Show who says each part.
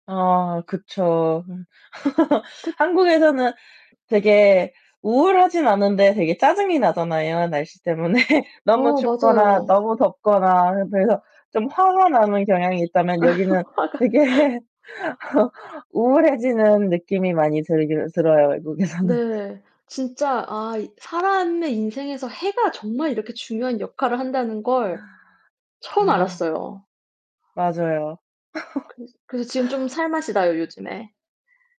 Speaker 1: 아 그쵸.
Speaker 2: 특
Speaker 1: 한국에서는 되게 우울하진 않은데 되게 짜증이 나잖아요, 날씨 때문에. 너무
Speaker 2: 어,
Speaker 1: 춥거나
Speaker 2: 맞아요.
Speaker 1: 너무 덥거나 그래서 좀 화가 나는 경향이 있다면 여기는
Speaker 2: 화가
Speaker 1: 되게 우울해지는 느낌이 많이 들기는 들어요. 외국에서는.
Speaker 2: 네. 진짜 아 이 사람의 인생에서 해가 정말 이렇게 중요한 역할을 한다는 걸
Speaker 1: 아
Speaker 2: 처음
Speaker 1: 아.
Speaker 2: 알았어요.
Speaker 1: 맞아요.
Speaker 2: 그래서 그래서 지금 좀 살 맛이 나요, 요즘에.